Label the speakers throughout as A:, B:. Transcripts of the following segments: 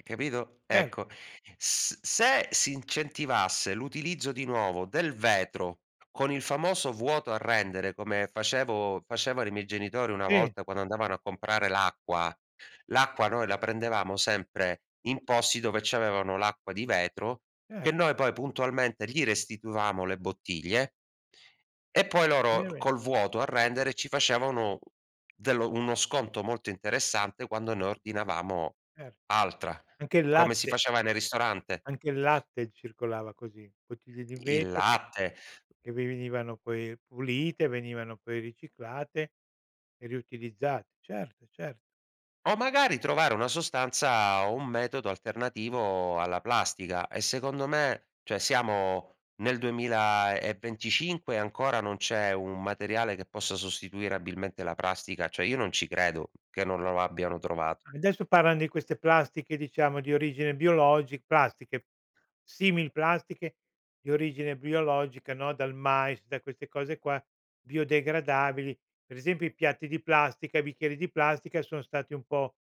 A: E capito?
B: Per
A: Ecco, s se si incentivasse l'utilizzo di nuovo del vetro con il famoso vuoto a rendere come facevo facevano i miei genitori una
B: Sì.
A: volta quando andavano a comprare l'acqua, l'acqua noi la prendevamo sempre in posti dove ci avevano l'acqua di vetro, che
B: Cer
A: noi poi puntualmente gli restituivamo le bottiglie e poi loro
B: Veramen
A: col vuoto a rendere ci facevano dello uno sconto molto interessante quando ne ordinavamo
B: Cer
A: altra,
B: anche il
A: come si
B: latte
A: faceva nel ristorante.
B: anche il latte circolava così, bottiglie di
A: I il
B: vetro che
A: latte
B: che vi venivano poi pulite, venivano poi riciclate e riutilizzate. Certo, certo.
A: O magari trovare una sostanza o un metodo alternativo alla plastica. E secondo me, cioè siamo nel 2025 ancora non c'è un materiale che possa sostituire abilmente la plastica. Cioè io non ci credo che non lo lo abbiano trovato.
B: Adesso parlan di queste plastiche, diciamo, di origine biologi plastiche, simil plastiche di origine biologica, no, dal mais, da queste cose qua, biodegradabili. Per esempio i piatti di plastica, i bicchieri di plastica sono stati un po'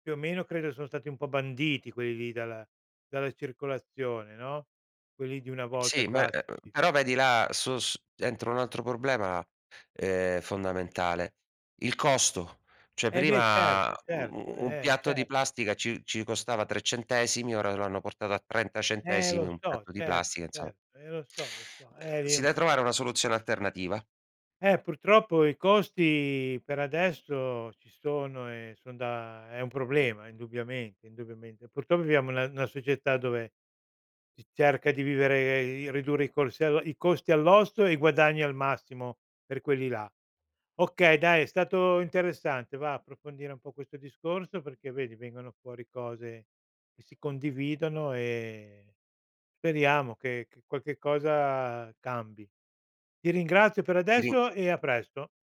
B: più o meno credo sono stati un po' banditi quelli lì dalla dalla circolazione, no, quelli di una volta
A: Sì, ma, e uhm,
B: classici.
A: però vedi là su su dentro un altro problema, ehm, fondamentale, il costo. Cioè
B: E beh
A: prima,
B: certo
A: u
B: certo,
A: u un
B: eh
A: piatto di
B: certo.
A: plastica ci ci costava 3 centesimi, ora lo hanno portato a 30
B: Eh
A: centesimi
B: lo
A: un
B: so
A: piatto di
B: certo
A: plastica, insomma.
B: certo, eh lo so lo so.
A: Ehm,
B: Eh lì
A: si
B: un p
A: de trovare una soluzione alternativa.
B: Eh purtroppo i costi per adesso ci sono e son da è un problema indubbiamente indubbiamente. Purtroppo viviamo in una una società dove si cerca di vivere, di ridurre i cos ehm, i costi all'osso e i guadagni al massimo per quelli là. Okay, dai, è stato interessante, va, approfondire un po' questo discorso perché vedi vengono fuori cose che si condividono e speriamo che che qualche cosa cambi. Ti ringrazio per
A: Ti rin
B: adesso e a presto.